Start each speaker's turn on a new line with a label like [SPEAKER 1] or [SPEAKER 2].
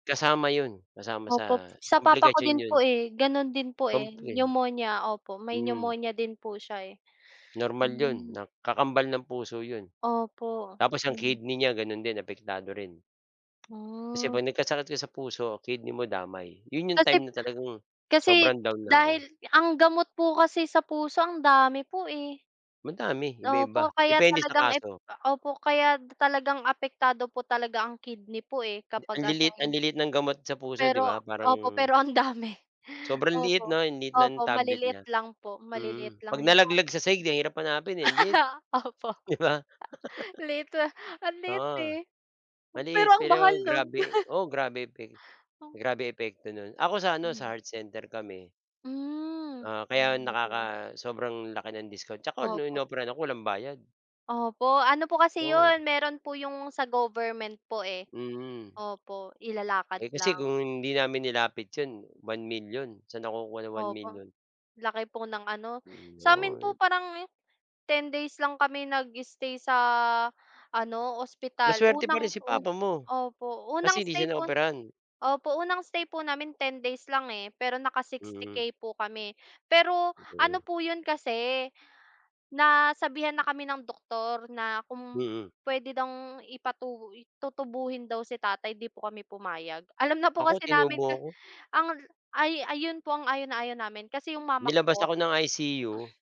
[SPEAKER 1] Kasama 'yon, kasama
[SPEAKER 2] Opo
[SPEAKER 1] sa
[SPEAKER 2] sa papa ko
[SPEAKER 1] komplikasyon
[SPEAKER 2] din
[SPEAKER 1] 'yon.
[SPEAKER 2] po, eh, gano'n din po, eh,
[SPEAKER 1] Komplin
[SPEAKER 2] pneumonia, opo. May
[SPEAKER 1] Hmm.
[SPEAKER 2] pneumonia din po siya, eh.
[SPEAKER 1] Normal 'yon,
[SPEAKER 2] Hmm.
[SPEAKER 1] nak kakambal ng puso 'yon.
[SPEAKER 2] Opo.
[SPEAKER 1] Tapos ang
[SPEAKER 2] [unintelligible]
[SPEAKER 1] kidney niya gano'n din, apektado rin. Kasi
[SPEAKER 2] Ah.
[SPEAKER 1] 'pag nagkasakit ka sa puso, kidney mo damay. Yun yung time
[SPEAKER 2] Kasip
[SPEAKER 1] na talagang
[SPEAKER 2] kasi
[SPEAKER 1] sobrang down na
[SPEAKER 2] dahil
[SPEAKER 1] ako.
[SPEAKER 2] ang gamot po kasi sa puso, ang dami po, eh.
[SPEAKER 1] Madami, iba-iba,
[SPEAKER 2] Opo, kaya
[SPEAKER 1] depende sa
[SPEAKER 2] talagang ep
[SPEAKER 1] kaso.
[SPEAKER 2] opo, kaya talagang apektado po talaga ang kidney po, eh,
[SPEAKER 1] Ang
[SPEAKER 2] kapag ano,
[SPEAKER 1] liliit ang
[SPEAKER 2] eh.
[SPEAKER 1] liliit ng gamot sa puso 'di ba?
[SPEAKER 2] Pero
[SPEAKER 1] Parang
[SPEAKER 2] opo, pero ang dami.
[SPEAKER 1] Sobrang liit
[SPEAKER 2] Opo,
[SPEAKER 1] 'no? Ang liit
[SPEAKER 2] opo,
[SPEAKER 1] ng tablet
[SPEAKER 2] maliliit
[SPEAKER 1] niya.
[SPEAKER 2] lang po, maliliit
[SPEAKER 1] Mm,
[SPEAKER 2] lang
[SPEAKER 1] 'pag
[SPEAKER 2] yung
[SPEAKER 1] nalaglag
[SPEAKER 2] tablet.
[SPEAKER 1] sa sahig ang hirap hanapin, eh, ang liit,
[SPEAKER 2] Opo.
[SPEAKER 1] 'di ba?
[SPEAKER 2] Liit, ah, ang liit,
[SPEAKER 1] Oo,
[SPEAKER 2] eh. Pero
[SPEAKER 1] maliit
[SPEAKER 2] ang
[SPEAKER 1] pero
[SPEAKER 2] mahal no'n!
[SPEAKER 1] grabe oo, grabe epe
[SPEAKER 2] Ang
[SPEAKER 1] grabe epekto no'n. Ako sa ano, sa
[SPEAKER 2] Mhm.
[SPEAKER 1] Heart Center kami.
[SPEAKER 2] Hmm.
[SPEAKER 1] Oo, kaya
[SPEAKER 2] [unintelligible]
[SPEAKER 1] nakaka sobrang laki ng discount, tsaka nung
[SPEAKER 2] Opo.
[SPEAKER 1] inoperahan ako walang bayad.
[SPEAKER 2] Opo, ano po kasi
[SPEAKER 1] 'Yon.
[SPEAKER 2] 'yon, meron po yung sa government po, eh.
[SPEAKER 1] Mhm.
[SPEAKER 2] Opo,
[SPEAKER 1] Eh,
[SPEAKER 2] ilalakad
[SPEAKER 1] kasi
[SPEAKER 2] lang.
[SPEAKER 1] kung hindi namin nilapit 'yon, 1,000,000. Saan ako kukuha ng one
[SPEAKER 2] Opo.
[SPEAKER 1] million?
[SPEAKER 2] Laki po ng ano
[SPEAKER 1] Mm,
[SPEAKER 2] sa amin po
[SPEAKER 1] Lord.
[SPEAKER 2] parang 10 days lang kami nag-stay sa ano, ospital.
[SPEAKER 1] Maswerte pa rin
[SPEAKER 2] Unang
[SPEAKER 1] si
[SPEAKER 2] taon
[SPEAKER 1] Papa mo,
[SPEAKER 2] opo,
[SPEAKER 1] kasi
[SPEAKER 2] unang
[SPEAKER 1] hindi
[SPEAKER 2] stay
[SPEAKER 1] siya
[SPEAKER 2] po
[SPEAKER 1] naoperahan.
[SPEAKER 2] opo, unang stay po namin 10 days lang, eh, pero naka-sixty
[SPEAKER 1] Mhm.
[SPEAKER 2] K po kami. Pero,
[SPEAKER 1] Totoo
[SPEAKER 2] ano
[SPEAKER 1] nga.
[SPEAKER 2] po 'yon kasi, nasabihan na kami ng doktor na, kung
[SPEAKER 1] Mhm.
[SPEAKER 2] puwede bang ipatu tutubuhin daw si tatay, 'di po kami pumayag. Alam na po
[SPEAKER 1] Ako
[SPEAKER 2] kasi namin
[SPEAKER 1] tinubo
[SPEAKER 2] ka
[SPEAKER 1] ako.
[SPEAKER 2] ang ay ayon po ang ayaw na ayaw namin, kasi yung mama ko
[SPEAKER 1] Nilabas
[SPEAKER 2] po.
[SPEAKER 1] ako ng ICU.